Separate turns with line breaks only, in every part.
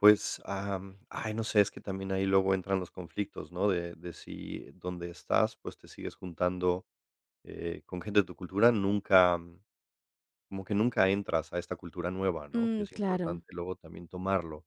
Pues, am, ay, no sé, es que también ahí luego entran los conflictos, ¿no? De de si dónde estás, pues, te sigues juntando, eh, con gente de tu cultura, nunca, como que nunca entras a esta cultura nueva, ¿no?, que
Mm,
es
claro.
importante luego también tomarlo.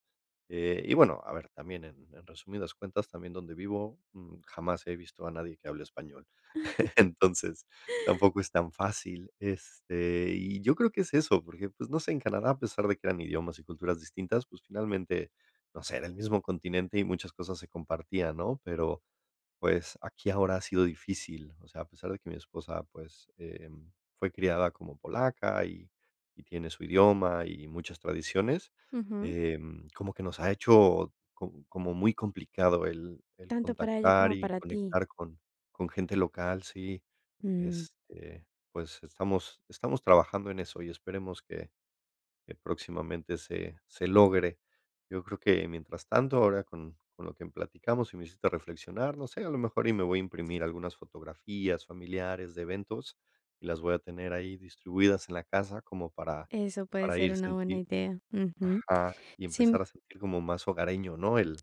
Eh, y bueno, a ver, también en en resumidas cuentas, también donde vivo, mm, jamás he visto a nadie que hable español. Entonces tampoco es tan fácil. Este, y yo creo que es eso, porque, pues no sé, en Canadá, a pesar de que eran idiomas y culturas distintas, pues, finalmente, no sé, era el mismo continente y muchas cosas se compartían, ¿no?, pero, pues, aquí ahora ha sido difícil. O sea, a pesar de que mi esposa, pues, em, fue criada como polaca y y tiene su idioma y muchas tradiciones,
Ujú.
em, como que nos ha hecho co como muy complicado el el
Tanto para ella
contactar
como
y
para ti.
conectar con con gente local, sí.
Mm.
Este, pues estamos estamos trabajando en eso y esperemos que que próximamente se se logre. Yo creo que mientras tanto, ahora con con lo que platicamos, sí me hiciste reflexionar. No sé, a lo mejor y me voy a imprimir algunas fotografías familiares de eventos y las voy a tener ahí distribuidas en la casa como para
Eso puede
para
ser
ir,
una buena
sentir
idea, ujú.
ajá, y
Sin
empezar a sentir como más hogareño, ¿no?, el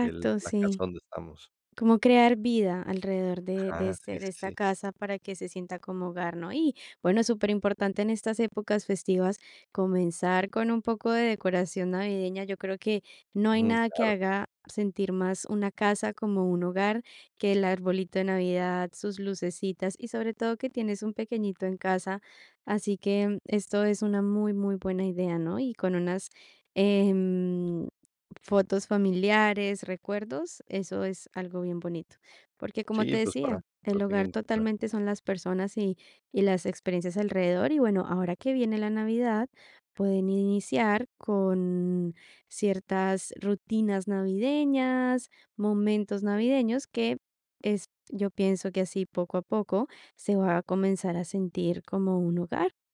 el la casa
sí.
donde estamos.
Como crear vida alrededor de de
Ajá,
este
sí,
de
sí,
esta
sí.
casa para que se sienta como hogar, ¿no? Y bueno, superimportante en estas épocas festivas comenzar con un poco de decoración navideña. Yo creo que no hay
Mm,
nada que
claro.
haga sentir más una casa como un hogar, que el arbolito de navidad, sus lucecitas y sobre todo que tienes un pequeñito en casa. Así que, mm, esto es una muy, muy buena idea, ¿no?, y con unas, em, fotos familiares, recuerdos, eso es algo bien bonito. Porque, como te
Sí, pues para
decía,
lo
el
tenga
hogar
en cuenta.
totalmente son las personas y y las experiencias alrededor. Y bueno, ahora que viene la navidad, pueden iniciar con ciertas rutinas navideñas, momentos navideños que es yo pienso que así poco a poco, se va a comenzar a sentir como un hogar.